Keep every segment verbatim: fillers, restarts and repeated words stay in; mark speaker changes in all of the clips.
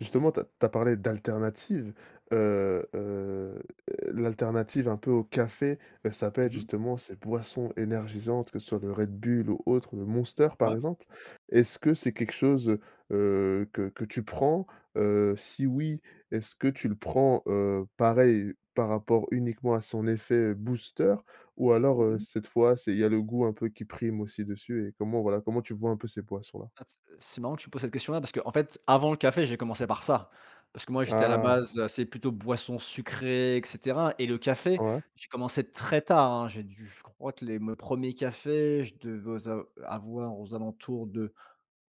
Speaker 1: Justement tu as tu as parlé d'alternative, heu heu, l'alternative un peu au café, bah, ça peut être
Speaker 2: Mmh mh.
Speaker 1: justement ces boissons énergisantes, que ce soit le Red Bull ou autre, ou le Monster, par
Speaker 2: Ah!
Speaker 1: exemple. Est-ce que c'est quelque chose, heu heu, que que tu prends? Heu, si oui, est-ce que tu le prends, heu, pareil par rapport uniquement à son effet, booster ou alors,
Speaker 2: Mmh
Speaker 1: heu,
Speaker 2: mh.
Speaker 1: cette fois, c'est il y a le goût un peu qui prime aussi dessus et comment, voilà? Comment tu vois un peu ces boissons là?
Speaker 2: Ah c heu, c'est marrant que tu me poses cette question-là, parce qu'en fait, avant le café, j'ai commencé par ça, parce que moi, j'étais à la
Speaker 1: Ah!
Speaker 2: base assez plutôt boissons sucrées et cetera, et le café,
Speaker 1: Ouais.
Speaker 2: j'ai commencé très tard, hein. J'ai dû, je crois que les me premiers cafés, je devais au a avoir aux alentours de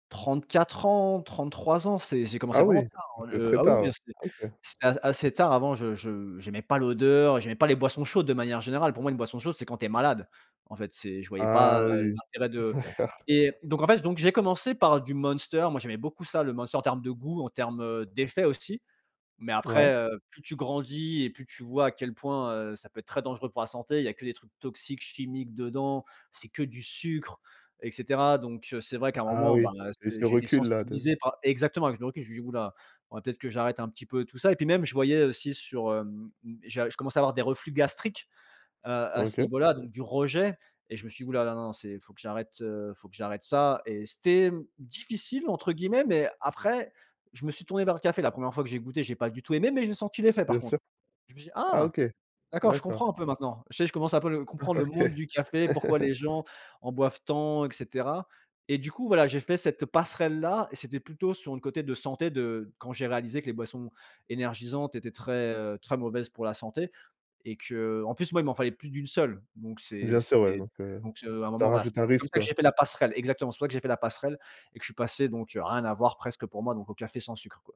Speaker 2: trente-quatre ans, trente-trois ans. C'est j'ai commencé
Speaker 1: Ah
Speaker 2: vraiment
Speaker 1: oui,
Speaker 2: tard, heu.
Speaker 1: donc
Speaker 2: Heu,
Speaker 1: très
Speaker 2: ah oui, oui, hein,
Speaker 1: tard?
Speaker 2: c'était
Speaker 1: Ah OK.
Speaker 2: c'était a assez tard. Avant, je je j'aimais pas l'odeur, j'aimais pas les boissons chaudes de manière générale. Pour moi, une boisson chaude, c'est quand tu es malade. En fait, c'est je voyais pas,
Speaker 1: Ah
Speaker 2: heu,
Speaker 1: oui!
Speaker 2: l'intérêt de
Speaker 1: D'accord.
Speaker 2: et donc, en fait, donc j'ai commencé par du Monster. Moi, j'aimais beaucoup ça, le Monster, en termes de goût, en termes, heu, d'effets aussi. Mais
Speaker 1: Ouais.
Speaker 2: après, heu, plus tu grandis et plus tu vois à quel point, heu, ça peut être très dangereux pour la santé. Il y a que des trucs toxiques, chimiques dedans, c'est que du sucre, et cetera. Donc, heu, c'est vrai qu'à un
Speaker 1: Ah
Speaker 2: moment, bah,
Speaker 1: oui!
Speaker 2: heu,
Speaker 1: Et
Speaker 2: ce
Speaker 1: ce
Speaker 2: j'ai été
Speaker 1: recul-là de
Speaker 2: sensibilisé par exactement! Avec le recul, j'ai dit: «Houlà, faudrait peut-être que j'arrête un peu tout ça». Et puis même, je voyais, heu, aussi sur hem, heu, j'ai je commençais à avoir des reflux gastriques, heu, à ce
Speaker 1: OK.
Speaker 2: niveau-là, donc du rejet et je me suis dit: «Hou, là, non, non, c'est faut que j'arrête, heu faut que j'arrête ça». Et c'était, mmh, «difficile», entre guillemets. Mais après, je me suis tourné vers le café. La première fois que j'ai goûté, j'ai pas du tout aimé, mais j'ai senti l'effet, par
Speaker 1: Bien sûr.
Speaker 2: contre. Je me suis dit:
Speaker 1: Ah,
Speaker 2: «Ah!
Speaker 1: OK.
Speaker 2: D'accord, je
Speaker 1: D'accord.
Speaker 2: comprends un peu maintenant». Ça y est, je commence à peu le
Speaker 1: Oh,
Speaker 2: comprendre le
Speaker 1: OK.
Speaker 2: monde du café, pourquoi les gens en boivent tant, et cetera. Et du coup, voilà, j'ai fait cette, heu, passerelle là et c'était plutôt sur un côté de santé de quand j'ai réalisé que les boissons énergisantes étaient très, heu, très mauvaises pour la santé et que heu, en plus, moi, il m'en fallait plus d'une seule. Donc, c'est
Speaker 1: Bien sûr
Speaker 2: c'est,
Speaker 1: ouais,
Speaker 2: heu
Speaker 1: donc, heu,
Speaker 2: donc à un
Speaker 1: ça
Speaker 2: moment voilà, c'est
Speaker 1: rajoute un
Speaker 2: c'est comme
Speaker 1: risque,
Speaker 2: ça que
Speaker 1: quoi.
Speaker 2: j'ai fait la passerelle exactement. C'est pour ça que j'ai fait la passerelle et que je suis passé donc, heu, rien à voir presque, pour moi, donc au café sans sucre, quoi.